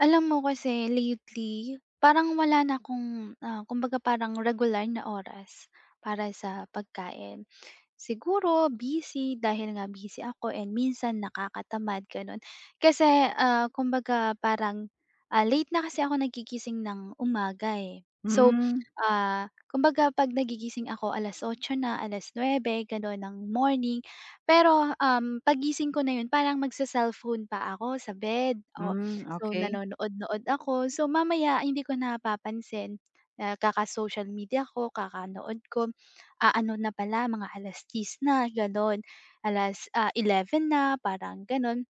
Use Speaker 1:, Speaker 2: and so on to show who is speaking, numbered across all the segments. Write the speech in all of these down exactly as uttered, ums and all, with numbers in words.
Speaker 1: Alam mo kasi lately, parang wala na akong, ah, kumbaga parang regular na oras para sa pagkain. Siguro busy, dahil nga busy ako and minsan nakakatamad gano'n. Kasi, ah, kumbaga parang, ah, late na kasi ako nagigising ng umaga, eh. So,
Speaker 2: Hmm.
Speaker 1: ah, kumbaga pag nagigising ako alas otso na, alas nuebe gano'n ng morning, pero, um, 'pag gising ko na 'yon parang mag-se-cellphone pa ako sa bed. Oh,
Speaker 2: Hmm,
Speaker 1: so
Speaker 2: okey.
Speaker 1: nanonood-nood ako, so mamaya hindi ko napapansin kaka-social media ko, kakanood ko, ah, ano na pala mga alas dyis na gano'n alas ah, eleven na parang gano'n.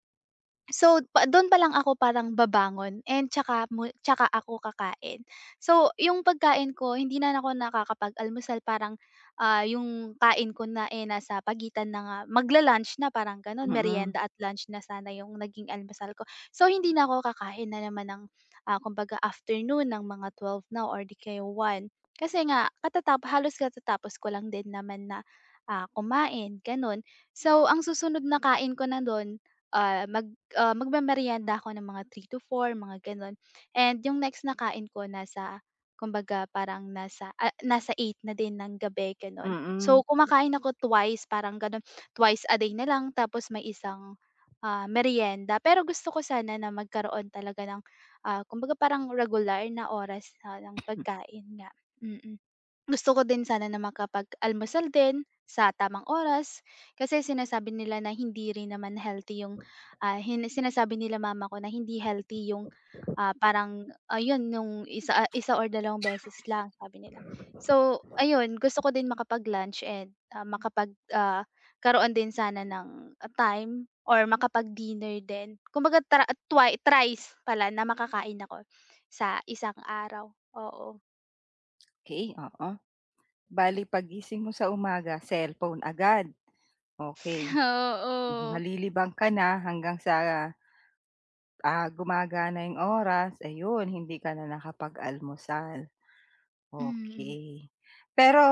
Speaker 1: So, pa du'n pa lang ako parang babangon and 'tsaka mu tsaka ako kakain. So, yung pagkain ko hindi na ako nakakapag-almusal parang, ah, yung kain ko na, eh, nasa pagitan na nga mag-la-lunch na parang gano'n,
Speaker 2: Mm.
Speaker 1: merienda at lunch na sana yung naging almusal ko. So hindi na ako kakain na naman ng, ah, kumbaga afternoon ng mga twelve na or 'di kaya one, kasi nga katatap halos katatapos ko lang din naman na, ah, kumain gano'n. So ang susunod na kain ko na du'n, ah, mag, ah, magmemerienda ako ng mga three to four mga gano'n, and yung next na kain ko nasa, kumbaga parang nasa a nasa eight na din ng gabi gano'n.
Speaker 2: Mm.
Speaker 1: So kumakain ako twice parang gano'n, twice a day na lang tapos may isang, ah, meryenda. Pero gusto ko sana na magkaroon talaga ng, ah, kumbaga parang regular na oras ng pagkain nga, mm. Gusto ko din sana na makapag-almusal din sa tamang oras, kasi sinasabi nila na hindi rin naman healthy yung, ah, hin sinasabi nila mama ko na hindi healthy yung, ah, parang ayun yung isa isa o dalawang beses lang sabi nila. So, ayun gusto ko din makapag-lunch and, ah, makapag, ah, 'karoon din sana ng time or makapag-dinner din. Kumbaga tra twi thrice pala na makakain ako sa isang araw, oo.
Speaker 2: Okey, oo bale pag gising mo sa umaga cellphone agad, okey
Speaker 1: Oo.
Speaker 2: malilibang ka na hanggang sa, ah, gumagana iyong oras ayon hindi ka na nakapag-almusal.
Speaker 1: Hmm.
Speaker 2: Okey, pero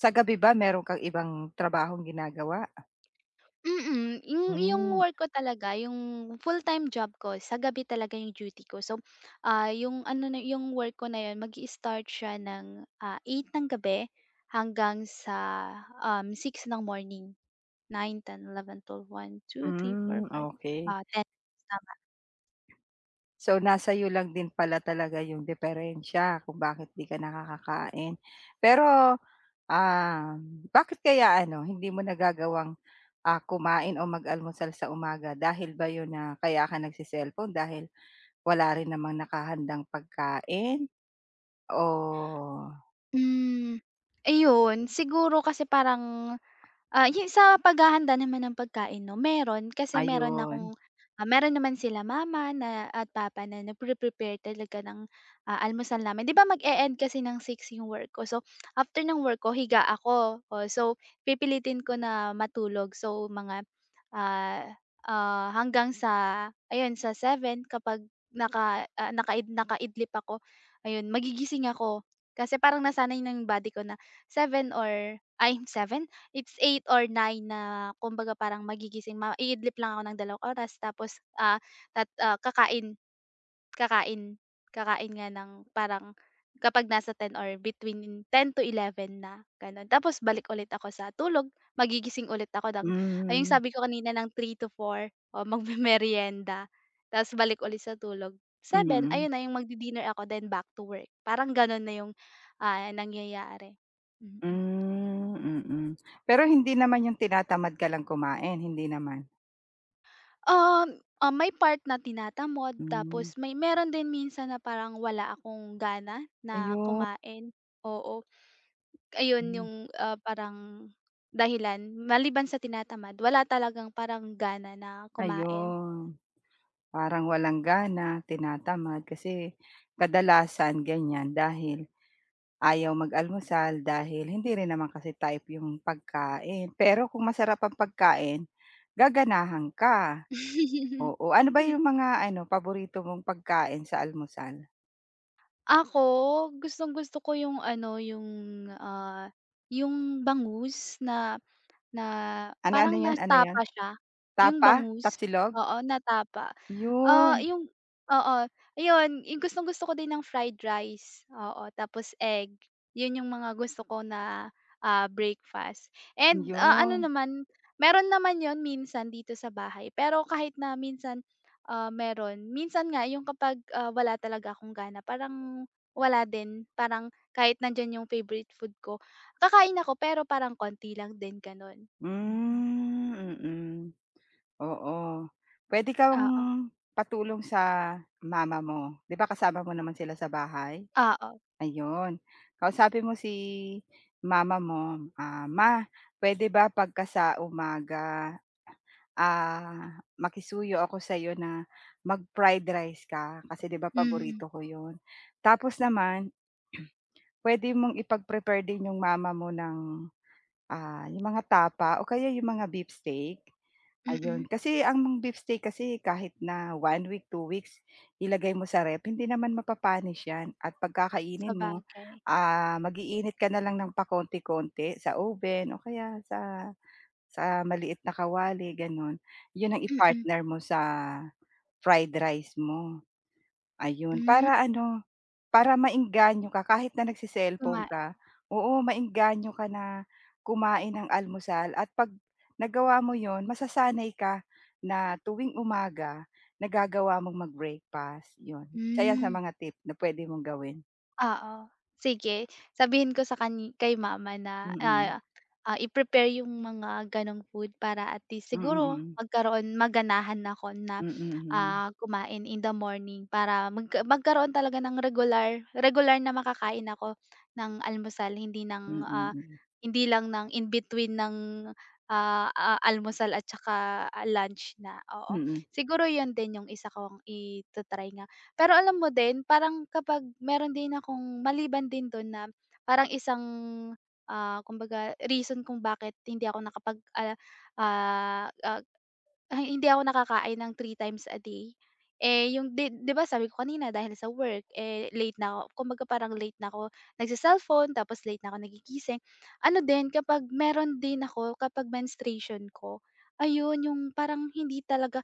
Speaker 2: sa gabi ba meron kang ibang trabahong ginagawa?
Speaker 1: Mm. yu yung
Speaker 2: Hmm.
Speaker 1: work ko talaga yung full-time job ko sa gabi talaga iyong duty ko so ah iyong ano na ayung work ko na iyon mag-istart siya ng eight ng gabi hanggang sa um, six ng morning, nine, ten, eleven, twelve, one, two, three, four,
Speaker 2: Hmm
Speaker 1: five,
Speaker 2: okey.
Speaker 1: ah ten. Tama.
Speaker 2: So, nasa iyo lang din pala talaga iyong diperensiya kung bakit hindi ka nakakakain pero ah. Bakit kaya ano hindi mo nagagawang ah kumain, o mag-almusal sa umaga dahil ba iyon, na kaya ka nag-cecellphone dahil wala rin namang nakahandang pagkain, oh?
Speaker 1: Hmm ayon, siguro kasi parang ah yu sa paghahanda naman ng pagkain no meron, kasi meron
Speaker 2: Ayun.
Speaker 1: akong, meron naman sila mama at papa na na pre-prepare talaga ng almusal namin 'di ba mag-eend kasi ng six iyong work ko so after ng work ko higa ako, so pipilitin ko na matulog, so mga ah hanggang sa ayon sa seven kapag naka naka nakaidlip ako ayun magigising ako kasi parang nasanay na body ko na seven or ay seven, it's eight or nine na kumbaga parang magigising maidlip lang ako ng dalawang oras tapos ah kakain, kakain, kakain nga ng parang kapag nasa ten or between ten to eleven na ganon tapos balik ulit ako sa tulog magigising ulit ako ng, ay yung
Speaker 2: Hmm.
Speaker 1: sabi ko kanina ng three to four o magmemerienda tapos balik ulit sa tulog seven
Speaker 2: Mm.
Speaker 1: ayun na 'yong mag-didinner ako then back to work parang ganoon na iyong ah nangyayari.
Speaker 2: Hmm, mm. Pero hindi naman yung tinatamad ka lang kumain, hindi naman.
Speaker 1: Um, ah, may part na tinatamod
Speaker 2: Hmm.
Speaker 1: tapos may meron din minsan na parang wala akong gana na
Speaker 2: Ayu
Speaker 1: kumain, oo. Ayun,
Speaker 2: Hmm.
Speaker 1: 'yong, uh, parang dahilan maliban sa tinatamad wala talagang parang gana na kumain.
Speaker 2: Ayun, parang walang gana, tinatamad kasi kadalasan ganyan dahil ayaw mag-almusal, dahil hindi rin naman kasi type 'yong pagkain, pero kung masarap ang pagkain, gaganahan ka. Oo, ano ba 'yong mga ano, paborito mong pagkain sa almusal?
Speaker 1: Ako, gustong-gusto ko yung ano, yung, ah, yung bangus na na
Speaker 2: Ano ano
Speaker 1: parang
Speaker 2: 'yon ano 'yon?
Speaker 1: natapa siya, yung
Speaker 2: Tapa?
Speaker 1: bangus,
Speaker 2: Tapsilog?
Speaker 1: oo, na tapa, ah,
Speaker 2: 'Yun.
Speaker 1: yung oo, ayun, yung gustong-gusto ko din ng fried rice, oo, tapos egg, 'yon yung mga gusto ko na, ah, breakfast and, ah, ano
Speaker 2: 'Yun.
Speaker 1: naman, meron naman 'yon minsan dito sa bahay pero kahit na minsan, ah, meron minsan nga yung kapag, ah, wala talaga akong gana parang wala din, parang kahit nandiyan 'yong favorite food ko, kakain ako pero parang konti lang din, gano'n, mm.
Speaker 2: Hmm, mhm, oo. Puwede kang
Speaker 1: Oo.
Speaker 2: patulong sa mama mo, 'di ba kasama mo
Speaker 1: Ah.
Speaker 2: naman sila sa bahay?
Speaker 1: Oo.
Speaker 2: Ayun, kausapin mo si mama mo, ah, "Ma, puwede ba 'pagka sa umaga, ah, makisuyo ako sa 'yo na mag-fried rice ka, kasi 'di ba
Speaker 1: Mhm.
Speaker 2: paborito ko 'yon?" Tapos naman, puwede mong ipag-prepare din 'yong mama mo ng, ah, 'yong mga tapa o kaya 'yong mga beefsteak,
Speaker 1: Mm.
Speaker 2: ayun, kasi ang beefsteak kasi kahit na one week, two weeks, ilagay mo sa ref, hindi naman mapapanis 'yan at 'pag kakainin mo,
Speaker 1: Sabagay.
Speaker 2: ah, mag-iinit ka na lang ng pakonti-konti sa oven o kaya sa sa maliit na kawali, gano'n, 'yon ang
Speaker 1: Mm.
Speaker 2: i-partner mo sa fried rice mo. Ayun,
Speaker 1: Hmm.
Speaker 2: para ano, para maengganyo ka, kahit na nagce-cellphone
Speaker 1: Kumain.
Speaker 2: ka, oo, maengganyo ka na kumain ng almusal at 'pag nagawa mo 'yon, masasanay ka na tuwing umaga, nagagawa mong mag-breakfast, 'yon, isa 'yan sa
Speaker 1: Hmm.
Speaker 2: mga tip na puwede mong gawin.
Speaker 1: Oo, sige sabihin ko sa kan kay mama na,
Speaker 2: Mm.
Speaker 1: ah, ah, i-prepare yung mga gano'ng food para at least
Speaker 2: Mm,
Speaker 1: siguro
Speaker 2: mm.
Speaker 1: magkaroon maganahan ako na,
Speaker 2: Mm, mm.
Speaker 1: ah, kumain in the morning para magka magkaroon talaga ng regular regular na makakain ako ng almusal, hindi
Speaker 2: Mm,
Speaker 1: ng, ah,
Speaker 2: hmm.
Speaker 1: hindi lang ng in between ng, ah, a almusal at tsaka lunch na, oo.
Speaker 2: Mm.
Speaker 1: Siguro yun din yung isa kong ita-try nga. Pero alam mo din parang kapag meron din akong maliban din dun na parang isang, ah, kumbaga reason kung bakit hindi ako nakapag, ah ah, ah hindi ako nakakain ng three times a day, eh, yung 'di 'di ba sabi ko kanina dahil sa work. eh, late na ako, kumbaga parang late na ako nag-ce-cellphone tapos late na ako nagigising, ano din kapag meron din ako, kapag menstruation ko. Ayun yung parang hindi talaga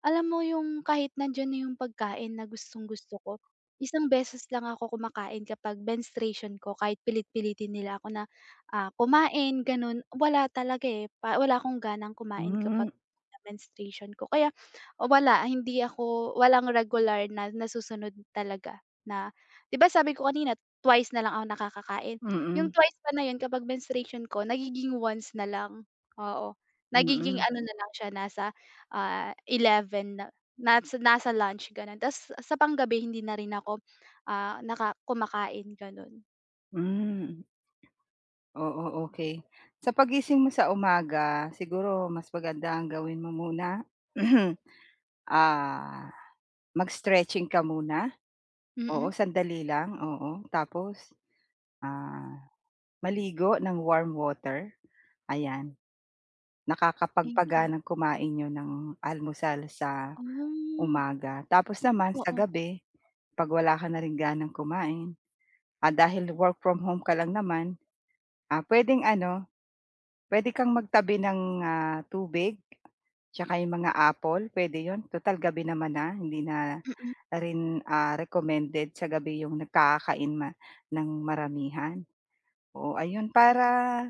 Speaker 1: alam mo yung kahit nandiyan na yung pagkain na gustong-gusto ko, isang beses lang ako kumakain kapag menstruation ko, kahit pilit-pilitin nila ako na, ah, kumain ganun wala talaga eh, pa wala akong ganang kumain kapag
Speaker 2: Hmm.
Speaker 1: menstruation ko. Kaya wala, hindi ako walang regular na nasusunod talaga na 'di ba sabi ko kanina twice na lang ako nakakakain, yung
Speaker 2: Mm.
Speaker 1: twice pa na yun kapag menstruation ko nagiging once na lang, oo. Nagiging
Speaker 2: Mm.
Speaker 1: ano na lang siya, nasa eleven na nas nasa lunch gano'n, ta's sa panggabi hindi na rin ako, ah, naka kumakain ganon.
Speaker 2: Hmm. Oo, okey. Sa paggising mo sa umaga siguro mas maganda ang gawin mo muna ah, mag-stretching ka muna.
Speaker 1: Mm.
Speaker 2: Oo, sandali lang, oo. Tapos ah, maligo ng warm water. Ayan
Speaker 1: Thank you.
Speaker 2: nakakapagpag-ganang kumain n'yo ng almusal sa
Speaker 1: Ah.
Speaker 2: umaga. Tapos naman sa
Speaker 1: Oo.
Speaker 2: gabi 'pag wala ka na rin ganang kumain, at dahil work from home ka lang naman puwedeng ano, puwede kang magtabi ng tubig, saka 'yong mga apple puwede 'yon tutal gabi naman na. Hindi na
Speaker 1: Mm.
Speaker 2: rin recommended sa gabi 'yong nagkakakain ng maramihan. Oo, ayun para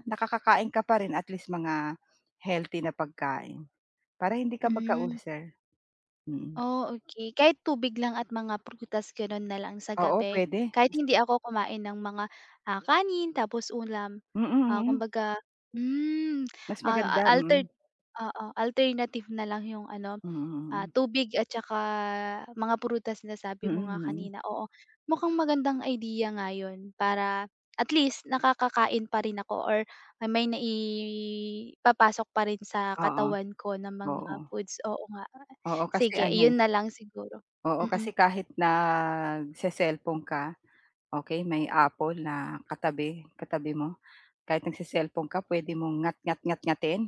Speaker 2: nakakakain ka pa rin at least mga healthy na pagkain. Para hindi ka
Speaker 1: Hmm.
Speaker 2: mag-ulcer.
Speaker 1: Oh, okey. Kahit tubig lang at mga prutas ganon na lang sa
Speaker 2: Oo,
Speaker 1: gabi?
Speaker 2: pwede.
Speaker 1: Kahit hindi ako kumain ng mga ah, kanin tapos ulam.
Speaker 2: Mm,
Speaker 1: Ah,
Speaker 2: mm.
Speaker 1: kumbaga hmm
Speaker 2: Mas
Speaker 1: ah,
Speaker 2: maganda, mm.
Speaker 1: alterd oo, alternative na lang yung ano
Speaker 2: Mm,
Speaker 1: ah,
Speaker 2: hmm.
Speaker 1: tubig at tsaka, mga prutas
Speaker 2: Mm,
Speaker 1: sabi mo nga
Speaker 2: mm.
Speaker 1: kanina. Oo, mukhang magandang idea nga yun para at least nakakakain pa rin ako or may may naipapasok pa rin sa
Speaker 2: Oo.
Speaker 1: katawan ko ng mga
Speaker 2: Oo.
Speaker 1: foods. Oo nga.
Speaker 2: Oo, kasi
Speaker 1: Sige
Speaker 2: ano eh.
Speaker 1: iyun nalang siguro,
Speaker 2: Oo kasi
Speaker 1: mm.
Speaker 2: kahit nag-ce-cellphone ka. Okey may apple na katabi, katabi mo kahit nag-ce-cellphone ka puwede mong ngatngat, ngatngatin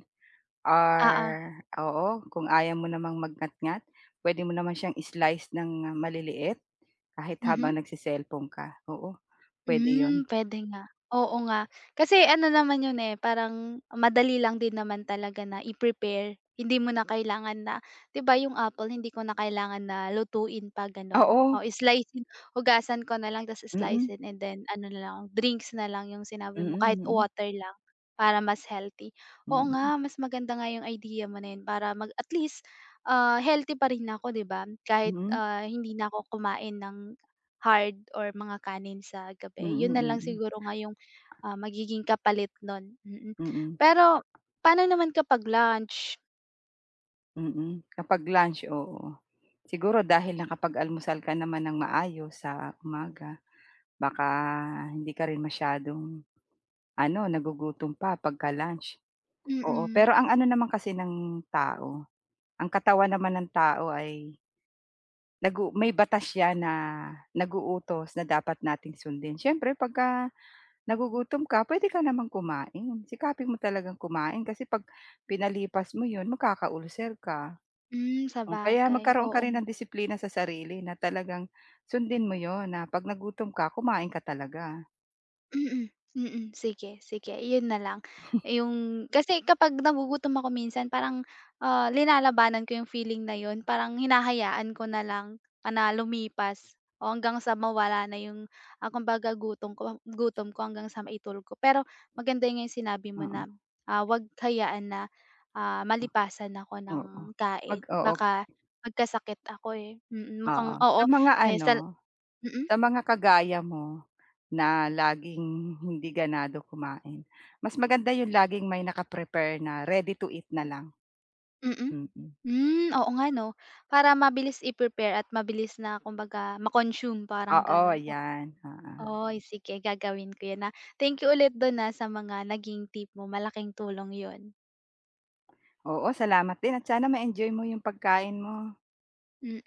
Speaker 2: or
Speaker 1: Oo.
Speaker 2: oo, kung ayaw mo namang mag-ngatngat puwede mo naman siyang slice ng maliliit kahit
Speaker 1: Mhm?
Speaker 2: habang nag-ce-cellphone ka. Oo, puwede 'yon
Speaker 1: Hmm, puwede nga. Oo nga kasi ano naman 'yon parang madali lang din naman talaga na i-prepare. Hindi mo na kailangan na 'di ba 'yong apple hindi ko na kailangan na lutuin pa ganon.
Speaker 2: Oo.
Speaker 1: slice and hugasan ko na lang tapos slice
Speaker 2: Mm.
Speaker 1: in and then ano na lang drinks na lang yung sinabi
Speaker 2: Mm,
Speaker 1: mo kahit
Speaker 2: hmm.
Speaker 1: water lang para mas healthy. Oo
Speaker 2: Mm.
Speaker 1: nga, mas maganda nga yung idea mo na yun para mag at least ah healthy pa rin na ako 'di ba? kahit
Speaker 2: Hmm.
Speaker 1: ah, hindi na ako kumain ng hard or mga kanin sa gabi.
Speaker 2: Mm,
Speaker 1: Yun na lang
Speaker 2: hmm.
Speaker 1: siguro nga yung magiging kapalit nun hmm.
Speaker 2: Mm.
Speaker 1: Pero pa'no naman kapag lunch?
Speaker 2: Mm. Kapag lunch, oo. Siguro dahil nakapag-almusal ka naman nang maayos sa umaga. Baka hindi ka rin masyadong, ano, nagugutom pa 'pag ka lunch, oo.
Speaker 1: Mm.
Speaker 2: Pero ang ano naman kasi ng tao, ang katawan naman ng tao ay nag-u may batas 'yan na nag-uutos na dapat nating sundin. Siyempre 'pag ka nagugutom ka, puwede ka naman kumain. Sikapin mo talagang kumain kasi 'pag pinalipas mo 'yon, magkaka-ulcer ka.
Speaker 1: Hmm,
Speaker 2: Oh, kaya
Speaker 1: sabagay.
Speaker 2: magkaroon ka
Speaker 1: Oo
Speaker 2: rin
Speaker 1: nga.
Speaker 2: ng disiplina sa sarili na talagang sundin mo 'yon na 'pag nagutom ka, kumain ka talaga
Speaker 1: Mm, mm. Sige, sige, iyon na lang iyong kasi kapag nagugutom ako minsan parang, ah, linalabanan ko 'yong feeling na 'yon. Parang hinahayaan ko na lang na lumipas o hanggang sa mawala na 'yong, ah, kumbaga gutom ko gutom ko hanggang sa maitulog ko. Pero maganda nga 'yong sinabi mo na,
Speaker 2: Mm.
Speaker 1: ah, huwag hayaan na, ah, malipasan ako
Speaker 2: Oo,
Speaker 1: ng kain
Speaker 2: 'pag oo.
Speaker 1: baka magkasakit ako, eh, mukhang
Speaker 2: Oo, sa
Speaker 1: oo.
Speaker 2: mga
Speaker 1: May sal
Speaker 2: ano,
Speaker 1: mm?
Speaker 2: sa mga kagaya mo na laging hindi ganado kumain, mas maganda 'yon laging may naka-prepare na ready-to-eat na lang.
Speaker 1: Mm.
Speaker 2: Mm.
Speaker 1: Hmm, oo nga, 'no. Para mabilis i-prepare at mabilis na, kumbaga, ma-consume parang
Speaker 2: Oo,
Speaker 1: gano'n. O
Speaker 2: 'yan, oo.
Speaker 1: oy, sige gagawin ko 'yon, ah. Thank you ulit do'n, ah, sa mga naging tip mo. Malaking tulong 'yon.
Speaker 2: Oo. Salamat din at sana ma-enjoy mo 'yong pagkain mo.
Speaker 1: Mm